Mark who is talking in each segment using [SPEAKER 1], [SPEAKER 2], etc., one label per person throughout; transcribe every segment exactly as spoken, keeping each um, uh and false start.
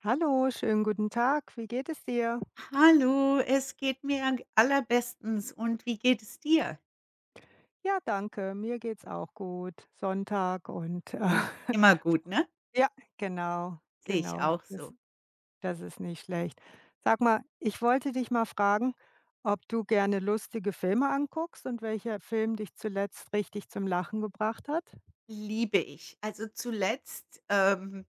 [SPEAKER 1] Hallo, schönen guten Tag. Wie geht es dir?
[SPEAKER 2] Hallo, es geht mir g allerbestens. Und wie geht es dir?
[SPEAKER 1] Ja, danke. Mir geht's auch gut. Sonntag und
[SPEAKER 2] Immer gut, ne?
[SPEAKER 1] Ja, genau,
[SPEAKER 2] Sehe ich
[SPEAKER 1] genau.
[SPEAKER 2] auch so.
[SPEAKER 1] Das das ist nicht schlecht. Sag mal, ich wollte dich mal fragen, ob du gerne lustige Filme anguckst und welcher Film dich zuletzt richtig zum Lachen gebracht hat?
[SPEAKER 2] Liebe ich. Also zuletzt, ähm,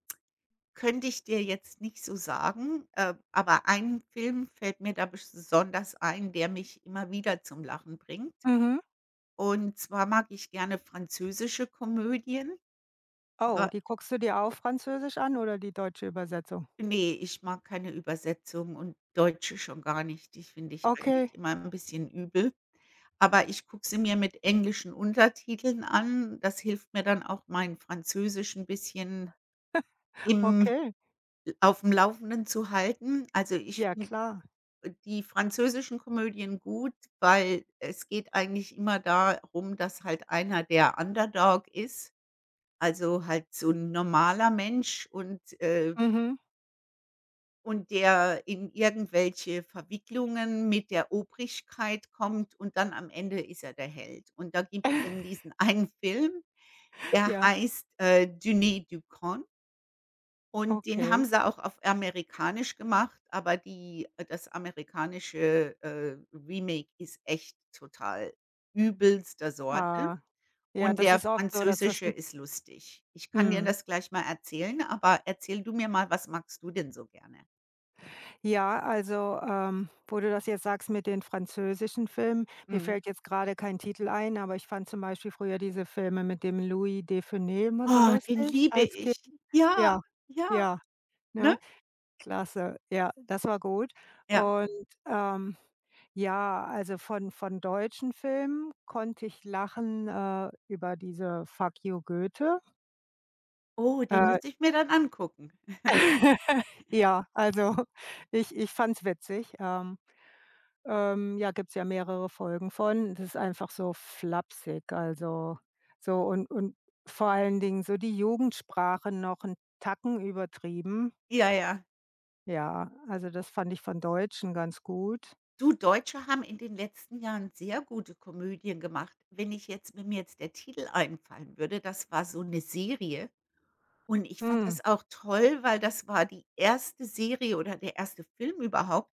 [SPEAKER 2] könnte ich dir jetzt nicht so sagen, ähm, aber ein Film fällt mir da besch sonders ein, der mich immer wieder zum Lachen bringt.
[SPEAKER 1] Mhm.
[SPEAKER 2] Und zwar mag ich gerne französische Komödien.
[SPEAKER 1] Oh,
[SPEAKER 2] Wa
[SPEAKER 1] die guckst du dir auf Französisch an oder die deutsche Übersetzung?
[SPEAKER 2] Ne, ich mag keine Übersetzung und deutsche schon gar nicht. Die finde ich eigentlich
[SPEAKER 1] Okay.
[SPEAKER 2] immer 'n bisschen übel. Aber ich gucke sie mir mit englischen Untertiteln an. Das hilft mir dann auch mein Französisch 'n bisschen, im
[SPEAKER 1] Okay.
[SPEAKER 2] l aufm Laufenden zu halten. Also ich
[SPEAKER 1] Ja,
[SPEAKER 2] finde
[SPEAKER 1] klar.
[SPEAKER 2] die französischen Komödien gut, weil es geht eigentlich immer darum, dass halt einer der Underdog ist. Also halt so 'n normaler Mensch und, äh
[SPEAKER 1] Mhm.
[SPEAKER 2] Und der in irgendwelche Verwicklungen mit der Obrigkeit kommt und dann am Ende ist er der Held. Und da gibt's dann diesen einen Film, der
[SPEAKER 1] Ja.
[SPEAKER 2] heißt, äh, [unintelligible] Und den haben
[SPEAKER 1] Okay.
[SPEAKER 2] sie auch auf amerikanisch gemacht, aber die das amerikanische, äh, Remake ist echt total übelster Sorte
[SPEAKER 1] Ah. Ja,
[SPEAKER 2] und
[SPEAKER 1] das
[SPEAKER 2] der
[SPEAKER 1] ist oft so, dass das
[SPEAKER 2] französische
[SPEAKER 1] 'n
[SPEAKER 2] ist lustig. Ich kann dir
[SPEAKER 1] Mhm.
[SPEAKER 2] das gleich mal erzählen, aber erzähle du mir mal, was magst du denn so gerne?
[SPEAKER 1] Ja, also, ähm, wo du das jetzt sagst mit den französischen Filmen, mir
[SPEAKER 2] Mhm.
[SPEAKER 1] fällt jetzt gerade kein Titel ein, aber ich fand zum Beispiel früher diese Filme mit dem Louis de Funès immer so
[SPEAKER 2] Ah, den
[SPEAKER 1] lustig,
[SPEAKER 2] liebe
[SPEAKER 1] als Kind.
[SPEAKER 2] ich. Ja,
[SPEAKER 1] Ja,
[SPEAKER 2] ja,
[SPEAKER 1] ja,
[SPEAKER 2] ne?
[SPEAKER 1] ne? Klasse. Ja, das war gut.
[SPEAKER 2] Ja.
[SPEAKER 1] Und, ähm, ja, also von von deutschen Filmen konnte ich lachen, äh, über diese „Fack ju Göhte“.
[SPEAKER 2] Oh, den
[SPEAKER 1] Äh.
[SPEAKER 2] muss ich mir dann angucken.
[SPEAKER 1] Ja, also, ich ich fand's witzig, ähm, ähm, ja, gibt's ja mehrere Folgen von. Das ist einfach so flapsig, also so und und vor allen Dingen so die Jugendsprache noch 'n Tacken übertrieben.
[SPEAKER 2] Ja, ja.
[SPEAKER 1] Ja. Also, das fand ich von Deutschen ganz gut.
[SPEAKER 2] Du, Deutsche haben in den letzten Jahren sehr gute Komödien gemacht. Wenn ich jetzt mir mir jetzt der Titel einfallen würde, das war so 'ne Serie. Und ich fand
[SPEAKER 1] Hm.
[SPEAKER 2] das auch toll, weil das war die erste Serie oder der erste Film überhaupt,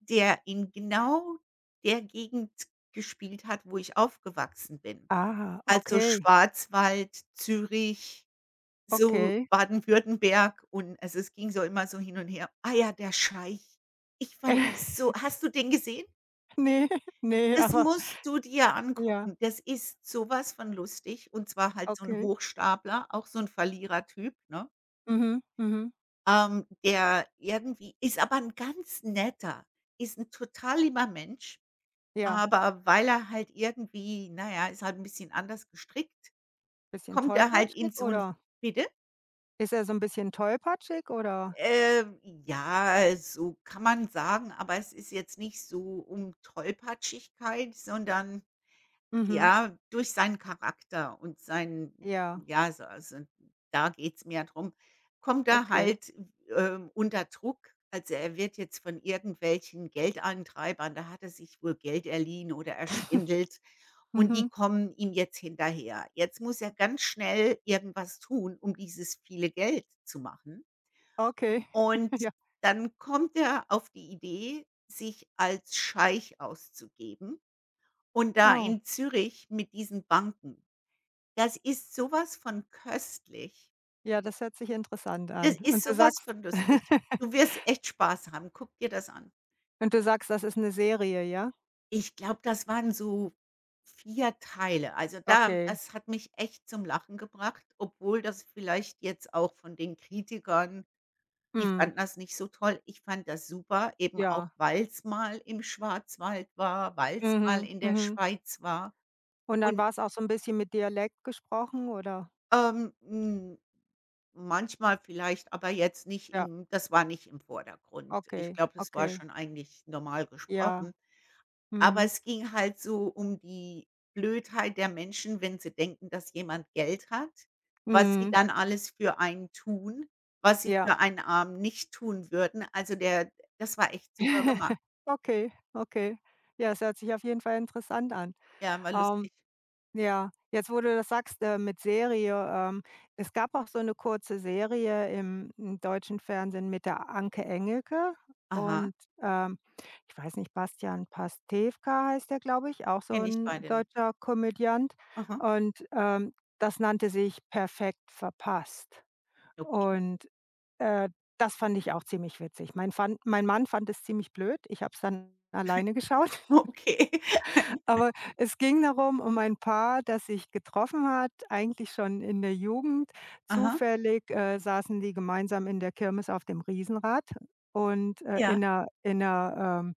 [SPEAKER 2] der in genau der Gegend gespielt hat, wo ich aufgewachsen bin.
[SPEAKER 1] Aha,
[SPEAKER 2] Also
[SPEAKER 1] okay.
[SPEAKER 2] Schwarzwald, Zürich, so
[SPEAKER 1] Okay.
[SPEAKER 2] Baden-Württemberg und also es ging so immer so hin und her. Ah ja, „Der Scheich.“ Ich fand den so Hast du den gesehen?
[SPEAKER 1] Ne, ne,
[SPEAKER 2] Das
[SPEAKER 1] aber
[SPEAKER 2] musst du dir
[SPEAKER 1] ja.
[SPEAKER 2] angucken. Das ist sowas von lustig, und zwar halt so 'n
[SPEAKER 1] Okay.
[SPEAKER 2] Hochstapler, auch so 'n Verlierertyp, ne?
[SPEAKER 1] Mhm. Mhm.
[SPEAKER 2] Ähm, der irgendwie ist aber 'n ganz netter, ist 'n total lieber Mensch,
[SPEAKER 1] Ja.
[SPEAKER 2] aber weil er halt irgendwie na ja, ist halt 'n bisschen anders gestrickt
[SPEAKER 1] Bisschen
[SPEAKER 2] kommt er halt
[SPEAKER 1] tollpatschig,
[SPEAKER 2] in so 'n
[SPEAKER 1] oder?
[SPEAKER 2] bitte?
[SPEAKER 1] Ist er so 'n bisschen tollpatschig, oder?
[SPEAKER 2] Äh, ja, so kann man sagen, aber es ist jetzt nicht so um Tollpatschigkeit, sondern,
[SPEAKER 1] Mhm.
[SPEAKER 2] ja, durch seinen Charakter und sein,
[SPEAKER 1] Ja.
[SPEAKER 2] j ja also also, da geht's mehr drum kommt er
[SPEAKER 1] Okay.
[SPEAKER 2] halt, w ähm, unter Druck. Also, er wird jetzt von irgendwelchen Geldeintreibern da hat er sich wohl Geld erliehen oder erschwindelt, und die
[SPEAKER 1] Mhm.
[SPEAKER 2] kommen ihm jetzt hinterher. Jetzt muss er ganz schnell irgendwas tun, um dieses viele Geld zu machen.
[SPEAKER 1] Okay.
[SPEAKER 2] Und
[SPEAKER 1] Ja.
[SPEAKER 2] dann kommt er auf die Idee, sich als Scheich auszugeben. Und da
[SPEAKER 1] Oh.
[SPEAKER 2] in Zürich mit diesen Banken. Das ist sowas von köstlich.
[SPEAKER 1] Ja, das hört sich interessant an.
[SPEAKER 2] Das
[SPEAKER 1] Und
[SPEAKER 2] ist
[SPEAKER 1] du
[SPEAKER 2] sowas
[SPEAKER 1] sagst
[SPEAKER 2] von lustig. Du wirst echt Spaß haben. Guck dir das an.
[SPEAKER 1] Und du sagst, das ist 'ne Serie, ja?
[SPEAKER 2] Ich glaube, das waren so vier Teile. Also da
[SPEAKER 1] Okay.
[SPEAKER 2] das hat mich echt zum Lachen gebracht, obwohl das vielleicht jetzt auch von den Kritikern die
[SPEAKER 1] Mhm.
[SPEAKER 2] fanden das nicht so toll. Ich fand das super, eben auch
[SPEAKER 1] Ja.
[SPEAKER 2] weil's mal im Schwarzwald war, weil's mal
[SPEAKER 1] Mhm.
[SPEAKER 2] in der
[SPEAKER 1] Mhm.
[SPEAKER 2] Schweiz war
[SPEAKER 1] Und dann
[SPEAKER 2] und
[SPEAKER 1] war es auch so 'n bisschen mit Dialekt gesprochen, oder?
[SPEAKER 2] Ähm, hm, manchmal, vielleicht, aber jetzt nicht
[SPEAKER 1] Ja.
[SPEAKER 2] im das war nicht im Vordergrund. Ich
[SPEAKER 1] Okay,
[SPEAKER 2] glaube, das war
[SPEAKER 1] okay.
[SPEAKER 2] schon eigentlich normal
[SPEAKER 1] Ja.
[SPEAKER 2] gesprochen. Aber
[SPEAKER 1] Mhm.
[SPEAKER 2] es ging halt so um die Blödheit der Menschen, wenn sie denken, dass jemand Geld hat. Was Sie
[SPEAKER 1] Mhm.
[SPEAKER 2] dann alles für einen tun, was sie
[SPEAKER 1] Ja.
[SPEAKER 2] für einen Armen nicht tun würden. Also, der das war echt super gemacht.
[SPEAKER 1] Okay, okay. Ja, das hört sich auf jeden Fall interessant an.
[SPEAKER 2] Ja, war
[SPEAKER 1] Ähm.
[SPEAKER 2] lustig.
[SPEAKER 1] Ja, jetzt, wo du das sagst, mit Serie, ähm, es gab auch so 'ne kurze Serie im, hm, deutschen Fernsehen mit der Anke Engelke
[SPEAKER 2] Aha.
[SPEAKER 1] und, ähm, ich weiß nicht, Bastian Pastewka heißt der, glaube ich, auch so
[SPEAKER 2] Kenne ich
[SPEAKER 1] 'n
[SPEAKER 2] beide nicht.
[SPEAKER 1] deutscher Komödiant.
[SPEAKER 2] Aha.
[SPEAKER 1] Und, ähm, das nannte sich „Perfekt Verpasst.“
[SPEAKER 2] Okay.
[SPEAKER 1] Und, äh, das fand ich auch ziemlich witzig. Mein fand mein Mann fand es ziemlich blöd. Ich habe es dann alleine geschaut.
[SPEAKER 2] Okay.
[SPEAKER 1] Aber es ging darum um ein Paar, das sich getroffen hat, eigentlich schon in der Jugend.
[SPEAKER 2] Aha.
[SPEAKER 1] Zufällig, äh, saßen die gemeinsam in der Kirmes auf dem Riesenrad und, äh,
[SPEAKER 2] Ja.
[SPEAKER 1] in der in der, ähm,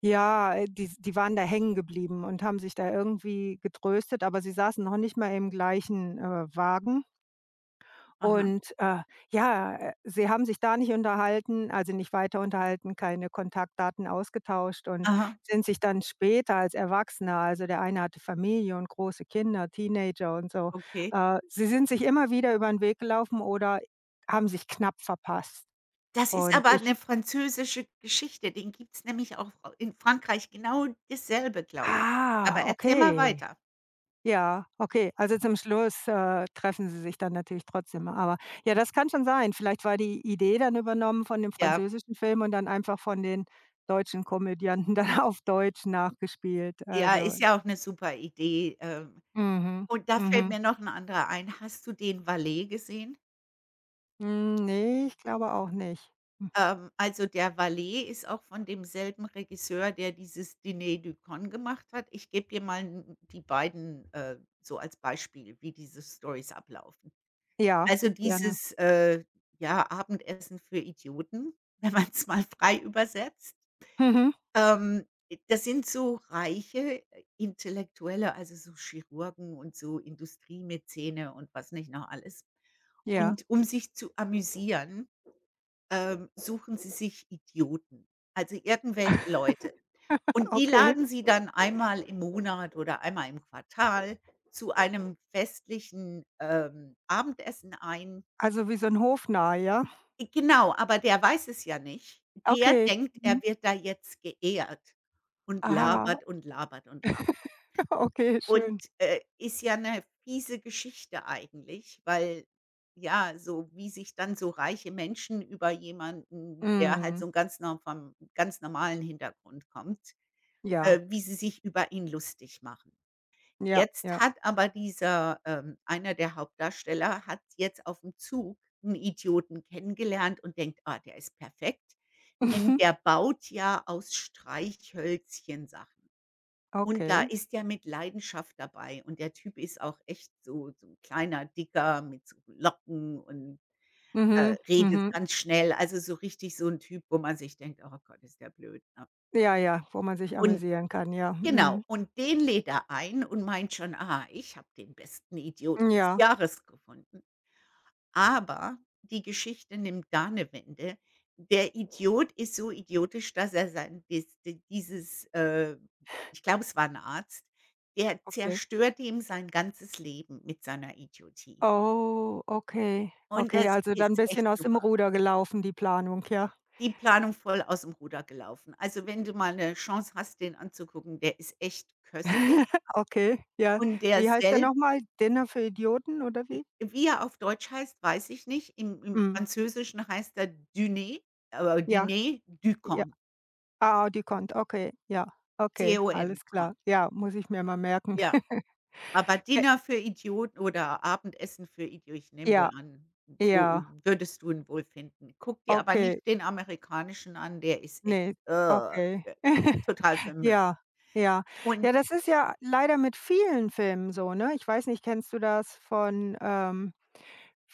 [SPEAKER 1] ja die die waren da hängen geblieben und haben sich da irgendwie getröstet, aber sie saßen noch nicht mal im gleichen, äh, Wagen.
[SPEAKER 2] Aha.
[SPEAKER 1] Und, äh, ja, äh, sie haben sich da nicht unterhalten, also nicht weiter unterhalten, keine Kontaktdaten ausgetauscht und
[SPEAKER 2] Aha.
[SPEAKER 1] sind sich dann später als Erwachsener, also der eine hatte Familie und große Kinder, Teenager und so.
[SPEAKER 2] Okay.
[SPEAKER 1] Äh, sie sind sich immer wieder über'n Weg gelaufen oder haben sich knapp verpasst.
[SPEAKER 2] Das ist
[SPEAKER 1] Und
[SPEAKER 2] aber
[SPEAKER 1] ich
[SPEAKER 2] 'ne französische Geschichte. Den gibt's nämlich auch, äh, F in Frankreich genau dasselbe, glaube ich. Aber
[SPEAKER 1] Ah,
[SPEAKER 2] erzähl mal
[SPEAKER 1] okay!
[SPEAKER 2] weiter.
[SPEAKER 1] Ja, okay. Also zum Schluss, äh, treffen Sie sich dann natürlich trotzdem. Aber ja, das kann schon sein. Vielleicht war die Idee dann übernommen von dem
[SPEAKER 2] Ja.
[SPEAKER 1] französischen Film und dann einfach von den deutschen Komödianten dann auf Deutsch nachgespielt,
[SPEAKER 2] Ja,
[SPEAKER 1] also.
[SPEAKER 2] ist ja auch 'ne super Idee. Ähm,
[SPEAKER 1] Mhm.
[SPEAKER 2] und da fällt
[SPEAKER 1] Mhm.
[SPEAKER 2] mir noch 'n anderer ein. Hast du den Valet gesehen?
[SPEAKER 1] Hm, ne, ich glaube auch nicht, hm.
[SPEAKER 2] Ähm, also, der Valet ist auch von demselben Regisseur, der dieses „Dîner de Cons“ gemacht hat. Ich gebe dir mal 'n die beiden, äh, so als Beispiel, wie diese Stories ablaufen.
[SPEAKER 1] Ja,
[SPEAKER 2] Also
[SPEAKER 1] gerne.
[SPEAKER 2] dieses, äh, ja, Abendessen für Idioten, wenn man's mal frei übersetzt,
[SPEAKER 1] Mhm.
[SPEAKER 2] ähm, das sind so reiche Intellektuelle, also, so Chirurgen und so Industriemäzene und was nicht noch alles.
[SPEAKER 1] Ja.
[SPEAKER 2] Und um sich zu amüsieren, ähm, suchen sie sich Idioten. Also, irgendwelche Leute. Und die
[SPEAKER 1] Okay.
[SPEAKER 2] laden sie dann einmal im Monat oder einmal im Quartal zu einem festlichen, ähm, Abendessen ein.
[SPEAKER 1] Also, wie so 'n Hofnarr, ja?
[SPEAKER 2] I Genau, aber der weiß es ja nicht. Der
[SPEAKER 1] Okay,
[SPEAKER 2] denkt,
[SPEAKER 1] mhm.
[SPEAKER 2] er wird da jetzt geehrt und
[SPEAKER 1] Aha.
[SPEAKER 2] labert und labert und labert.
[SPEAKER 1] Okay,
[SPEAKER 2] Und,
[SPEAKER 1] schön.
[SPEAKER 2] äh, ist ja 'ne fiese Geschichte eigentlich, weil, ja, so wie sich dann so reiche Menschen über jemanden, der halt
[SPEAKER 1] Mhm.
[SPEAKER 2] so ganz nor vom ganz normalen Hintergrund kommt äh,
[SPEAKER 1] Ja.
[SPEAKER 2] wie sie sich über ihn lustig machen.
[SPEAKER 1] Ja,
[SPEAKER 2] Jetzt
[SPEAKER 1] ja.
[SPEAKER 2] hat aber dieser ähm, einer der Hauptdarsteller hat jetzt aufm Zug 'n Idioten kennengelernt und denkt: „Ah, der ist perfekt,“ denn
[SPEAKER 1] Mhm.
[SPEAKER 2] der baut ja aus Streichhölzchen Sachen. Und da
[SPEAKER 1] Okay.
[SPEAKER 2] ist der mit Leidenschaft dabei. Und der Typ ist auch echt so so 'n kleiner Dicker mit so Locken und, äh,
[SPEAKER 1] Mhm,
[SPEAKER 2] redet
[SPEAKER 1] mhm.
[SPEAKER 2] ganz schnell. Also, so richtig so 'n Typ, wo man sich denkt: „Oh Gott, ist der blöd, ne?“
[SPEAKER 1] Ja, ja, wo man sich
[SPEAKER 2] Und
[SPEAKER 1] amüsieren kann, ja.
[SPEAKER 2] genau,
[SPEAKER 1] Mhm.
[SPEAKER 2] und den lädt er ein und meint schon, „Ah, ich habe den besten Idioten des
[SPEAKER 1] Ja.
[SPEAKER 2] Jahres gefunden.“ Aber die Geschichte nimmt da 'ne Wende. Der Idiot ist so idiotisch, dass er sein, dies d dieses äh, ich glaube, es war 'n Arzt, der
[SPEAKER 1] Okay.
[SPEAKER 2] zerstört ihm sein ganzes Leben mit seiner Idiotie.
[SPEAKER 1] Oh, okay.
[SPEAKER 2] Und
[SPEAKER 1] Okay,
[SPEAKER 2] das
[SPEAKER 1] also, dann 'n
[SPEAKER 2] ist
[SPEAKER 1] bisschen
[SPEAKER 2] echt
[SPEAKER 1] aus dem
[SPEAKER 2] super.
[SPEAKER 1] Ruder gelaufen, die Planung, ja?
[SPEAKER 2] Die Planung voll aus dem Ruder gelaufen. Also, wenn du mal 'ne Chance hast, den anzugucken, der ist echt köstlich.
[SPEAKER 1] Okay, ja.
[SPEAKER 2] Und der
[SPEAKER 1] Wie heißt der
[SPEAKER 2] selb
[SPEAKER 1] nochmal? „Dinner für Idioten,“ oder
[SPEAKER 2] J
[SPEAKER 1] wie?
[SPEAKER 2] wie er auf Deutsch heißt, weiß ich nicht, im im
[SPEAKER 1] Mhm.
[SPEAKER 2] Französischen heißt der Diner äh
[SPEAKER 1] Ja.
[SPEAKER 2] „Dîner de
[SPEAKER 1] Ja.
[SPEAKER 2] Cons.“
[SPEAKER 1] Ah, de Cons, okay. Ja,
[SPEAKER 2] C
[SPEAKER 1] okay.
[SPEAKER 2] O N,
[SPEAKER 1] Alles klar.
[SPEAKER 2] Con.
[SPEAKER 1] Ja, muss ich mir mal merken.
[SPEAKER 2] Ja. Aber
[SPEAKER 1] Ke
[SPEAKER 2] Dinner für Idioten oder Abendessen für Idi ich nehme wohl
[SPEAKER 1] Ja.
[SPEAKER 2] an, so
[SPEAKER 1] Ja.
[SPEAKER 2] würdest du ihn wohl finden. Guck dir aber nicht
[SPEAKER 1] Okay.
[SPEAKER 2] den amerikanischen an, der ist echt,
[SPEAKER 1] Ne,
[SPEAKER 2] äh,
[SPEAKER 1] okay.
[SPEAKER 2] total für 'n Müll.
[SPEAKER 1] Ja, ja.
[SPEAKER 2] Und
[SPEAKER 1] Ja, das ist ja leider mit vielen Filmen so, ne? Ich weiß nicht, kennst du das von, ähm,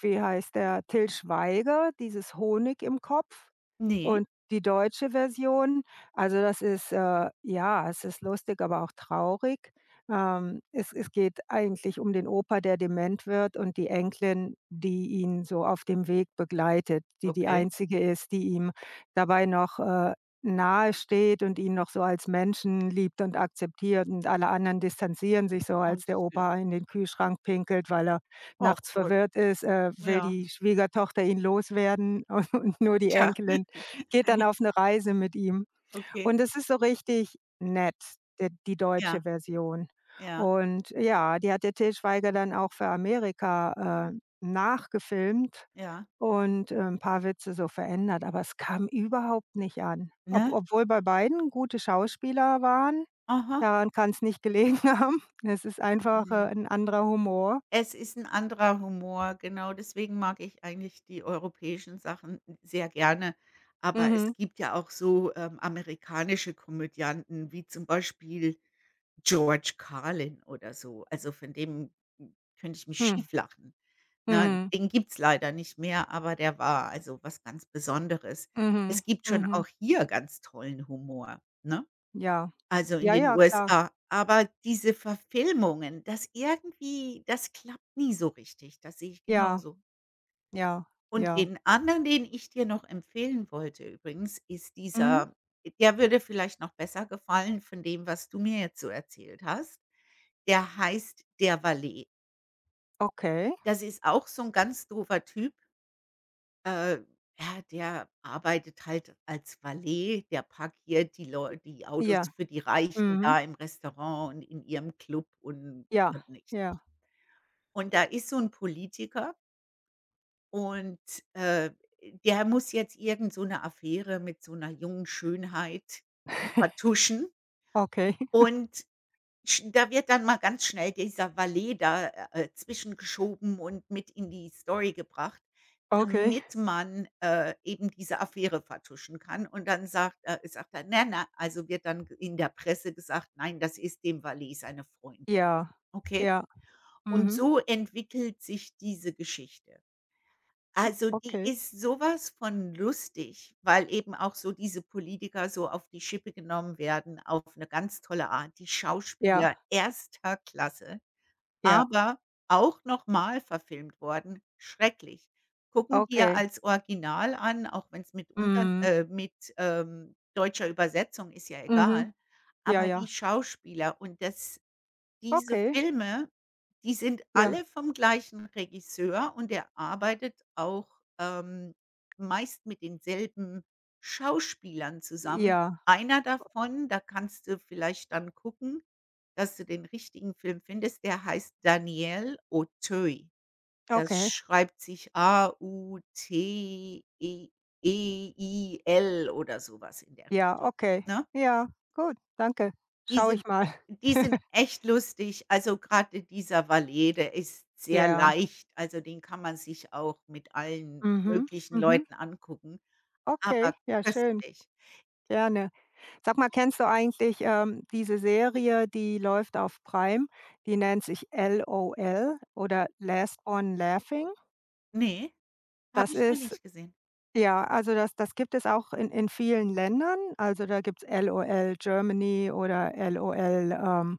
[SPEAKER 1] wie heißt der, Til Schweiger, dieses Honig im Kopf
[SPEAKER 2] Ne.
[SPEAKER 1] und die deutsche Version? Also, das ist äh, ja, es ist lustig, aber auch traurig. Ähm, es es geht eigentlich um den Opa, der dement wird und die Enkelin, die ihn so auf dem Weg begleitet, die, die
[SPEAKER 2] Okay.
[SPEAKER 1] Einzige ist, die ihm dabei noch, äh, Nahe steht und ihn noch so als Menschen liebt und akzeptiert und alle anderen distanzieren sich so, als der
[SPEAKER 2] [unintelligible]
[SPEAKER 1] Opa in den Kühlschrank pinkelt. Weil er
[SPEAKER 2] Och
[SPEAKER 1] nachts
[SPEAKER 2] Gott.
[SPEAKER 1] verwirrt ist, äh, will
[SPEAKER 2] Ja.
[SPEAKER 1] die Schwiegertochter ihn loswerden und nur die
[SPEAKER 2] Tja.
[SPEAKER 1] Enkelin geht dann auf 'ne Reise mit ihm.
[SPEAKER 2] Okay.
[SPEAKER 1] Und das ist so richtig nett, der die deutsche
[SPEAKER 2] Ja.
[SPEAKER 1] Version.
[SPEAKER 2] Ja.
[SPEAKER 1] Und ja, die hat der Til Schweiger dann auch für Amerika, äh, nachgefilmt
[SPEAKER 2] Ja.
[SPEAKER 1] und, ähm, paar Witze so verändert. Aber es kam überhaupt nicht an, ob
[SPEAKER 2] Ne?
[SPEAKER 1] obwohl bei beiden gute Schauspieler waren,
[SPEAKER 2] Aha.
[SPEAKER 1] daran kann's nicht gelegen haben. Es ist einfach,
[SPEAKER 2] Ne.
[SPEAKER 1] äh, 'n anderer Humor.
[SPEAKER 2] Es ist 'n anderer Humor, genau, deswegen mag ich eigentlich die europäischen Sachen sehr gerne, aber es
[SPEAKER 1] Mhm.
[SPEAKER 2] gibt ja auch so, ähm, amerikanische Komödianten, wie zum Beispiel George Carlin oder so. Also, von dem könnte ich mich
[SPEAKER 1] Hm.
[SPEAKER 2] schief lachen. Ne,
[SPEAKER 1] Mhm.
[SPEAKER 2] den gibt's leider nicht mehr, aber der war, also, was ganz Besonderes.
[SPEAKER 1] Mhm,
[SPEAKER 2] Es gibt schon
[SPEAKER 1] mhm.
[SPEAKER 2] auch hier ganz tollen Humor, ne?
[SPEAKER 1] Ja.
[SPEAKER 2] Also, in
[SPEAKER 1] Ja,
[SPEAKER 2] den
[SPEAKER 1] ja, klar.
[SPEAKER 2] USA. Aber diese Verfilmungen, das irgendwie das klappt nie so richtig. Das sehe ich
[SPEAKER 1] Ja.
[SPEAKER 2] genauso.
[SPEAKER 1] Ja,
[SPEAKER 2] Und
[SPEAKER 1] ja.
[SPEAKER 2] den anderen, den ich dir noch empfehlen wollte übrigens ist
[SPEAKER 1] Mhm.
[SPEAKER 2] dieser der würde vielleicht noch besser gefallen von dem, was du mir jetzt so erzählt hast, der heißt: „Der Valet.“
[SPEAKER 1] Okay.
[SPEAKER 2] Das ist auch so 'n ganz doofer Typ. Äh, ja, der arbeitet halt als Valet, der parkiert die
[SPEAKER 1] J
[SPEAKER 2] Leu die Autos
[SPEAKER 1] Ja,
[SPEAKER 2] für die Reichen
[SPEAKER 1] mhm.
[SPEAKER 2] da im Restaurant und in ihrem Club und,
[SPEAKER 1] Ja,
[SPEAKER 2] äh,. [unintelligible]
[SPEAKER 1] ja.
[SPEAKER 2] Und da ist so'n Politiker Und, äh, der muss jetzt irgend so 'ne Affäre mit so 'ner jungen Schönheit vertuschen.
[SPEAKER 1] Okay.
[SPEAKER 2] Und sch da wird dann mal ganz schnell dieser Valet da, äh, zwischengeschoben und mit in die Story gebracht,
[SPEAKER 1] Okay.
[SPEAKER 2] damit man, äh, eben diese Affäre vertuschen kann und dann sagt er sagt er, ne nei also wird dann ge in der Presse gesagt, nein, das ist dem Valet seine Freundin,
[SPEAKER 1] Ja,
[SPEAKER 2] okay?
[SPEAKER 1] ja.
[SPEAKER 2] Und
[SPEAKER 1] Mhm.
[SPEAKER 2] so entwickelt sich diese Geschichte. Also, die
[SPEAKER 1] Okay.
[SPEAKER 2] ist sowas von lustig, weil eben auch so diese Politiker so auf die Schippe genommen werden auf 'ne ganz tolle Art, die Schauspieler
[SPEAKER 1] Ja.
[SPEAKER 2] erster Klasse,
[SPEAKER 1] Ja.
[SPEAKER 2] aber auch nochmal verfilmt worden, schrecklich. Gucken wir
[SPEAKER 1] Okay.
[SPEAKER 2] als Original an, auch wenn's mit unter
[SPEAKER 1] Mhm.
[SPEAKER 2] äh, mit, ähm, deutscher Übersetzung, ist ja
[SPEAKER 1] Mhm,
[SPEAKER 2] egal.
[SPEAKER 1] ja,
[SPEAKER 2] Aber die
[SPEAKER 1] ja.
[SPEAKER 2] Schauspieler und das, diese
[SPEAKER 1] Okay.
[SPEAKER 2] Filme, die sind
[SPEAKER 1] Ja.
[SPEAKER 2] alle vom gleichen Regisseur und der arbeitet auch, ähm, meist mit denselben Schauspielern zusammen.
[SPEAKER 1] Ja.
[SPEAKER 2] Einer davon, da kannst du vielleicht dann gucken, dass du den richtigen Film findest. Der heißt Daniel Auteuil. Das
[SPEAKER 1] Okay.
[SPEAKER 2] schreibt sich A-U-T-E-E-I-L oder sowas in der
[SPEAKER 1] Ja,
[SPEAKER 2] Richtung,
[SPEAKER 1] Okay.
[SPEAKER 2] ne?
[SPEAKER 1] Ja, gut, danke.
[SPEAKER 2] Die
[SPEAKER 1] Schaue ich
[SPEAKER 2] sind
[SPEAKER 1] mal.
[SPEAKER 2] die sind echt lustig. Also gerade dieser Valet, der ist sehr
[SPEAKER 1] Ja.
[SPEAKER 2] leicht, also den kann man sich auch mit allen
[SPEAKER 1] Mhm,
[SPEAKER 2] möglichen
[SPEAKER 1] mhm.
[SPEAKER 2] Leuten angucken,
[SPEAKER 1] Okay,
[SPEAKER 2] aber
[SPEAKER 1] ja, schön.
[SPEAKER 2] köstlich.
[SPEAKER 1] Gerne. Sag mal, kennst du eigentlich, ähm, diese Serie, die läuft auf Prime, die nennt sich „LOL“ oder „Last one Laughing?“
[SPEAKER 2] Ne, habe
[SPEAKER 1] Das
[SPEAKER 2] ich noch
[SPEAKER 1] ist
[SPEAKER 2] nicht gesehen.
[SPEAKER 1] ja, also das das gibt es auch in in vielen Ländern, also da gibt's LOL Germany oder LOL, ähm,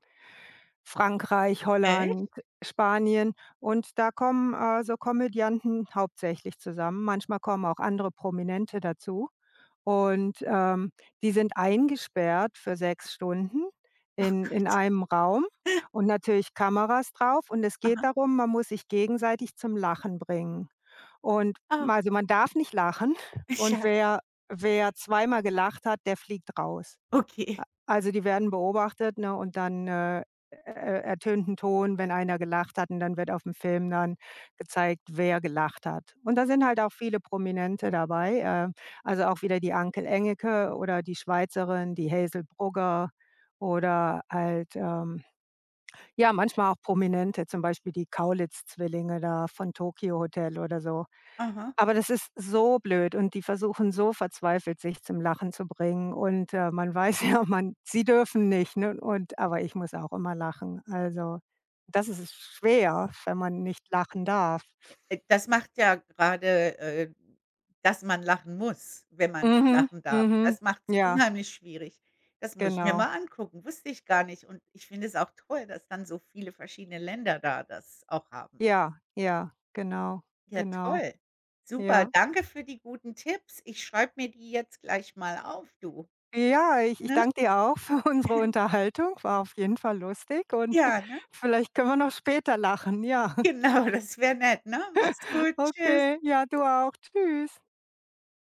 [SPEAKER 1] Frankreich,
[SPEAKER 2] Echt?
[SPEAKER 1] Holland, Spanien. Und da kommen, äh, so Komödianten hauptsächlich zusammen. Manchmal kommen auch andere Prominente dazu. Und, ähm, die sind eingesperrt für sechs Stunden
[SPEAKER 2] Ach
[SPEAKER 1] in
[SPEAKER 2] Gott.
[SPEAKER 1] in einem Raum und natürlich Kameras darauf. Und es geht
[SPEAKER 2] Aha.
[SPEAKER 1] darum, man muss sich gegenseitig zum Lachen bringen. Und
[SPEAKER 2] Ach.
[SPEAKER 1] ma also man darf nicht lachen und
[SPEAKER 2] Ja.
[SPEAKER 1] wer wer zweimal gelacht hat, der fliegt raus.
[SPEAKER 2] Okay.
[SPEAKER 1] A also die werden beobachtet, ne, und dann, äh, er er ertönt 'n Ton, wenn einer gelacht hat, und dann wird auf'm dann Film gezeigt, wer gelacht hat. Und da sind halt auch viele Prominente dabei, äh, also auch wieder die Anke Engelke oder die Schweizerin, die Hazel Brugger oder halt, ähm, ja, manchmal auch Prominente, zum Beispiel die Kaulitz-Zwillinge da von Tokio Hotel oder so.
[SPEAKER 2] Aha.
[SPEAKER 1] Aber das ist so blöd und die versuchen so verzweifelt, sich zum Lachen zu bringen und, äh, man weiß ja, man sie dürfen nicht, ne? Und aber ich muss auch immer lachen. Also, das is ist schwer, wenn man nicht lachen darf.
[SPEAKER 2] Äh, das macht ja gerade, äh, dass man lachen muss, wenn man nicht
[SPEAKER 1] Mhm.
[SPEAKER 2] lachen darf.
[SPEAKER 1] Mhm.
[SPEAKER 2] Das macht's
[SPEAKER 1] Ja.
[SPEAKER 2] unheimlich schwierig. Das muss ich mir
[SPEAKER 1] Genau.
[SPEAKER 2] mal angucken, wusste ich gar nicht. Und ich finde es auch toll, dass dann so viele verschiedene Länder da das auch haben.
[SPEAKER 1] Ja, ja, genau,
[SPEAKER 2] Ja
[SPEAKER 1] genau.
[SPEAKER 2] toll. Super.
[SPEAKER 1] Ja.
[SPEAKER 2] Danke für die guten Tipps. Ich schreibe mir die jetzt gleich mal auf, du,
[SPEAKER 1] Ja, ich ich
[SPEAKER 2] ne?
[SPEAKER 1] danke dir auch für unsere Unterhaltung, war auf jeden Fall lustig, und
[SPEAKER 2] Ja, ne?
[SPEAKER 1] vielleicht können wir noch später lachen, ja.
[SPEAKER 2] Genau, das wäre nett, ne? Mach's gut, tschüss.
[SPEAKER 1] Okay, ja, du auch. Tschüss.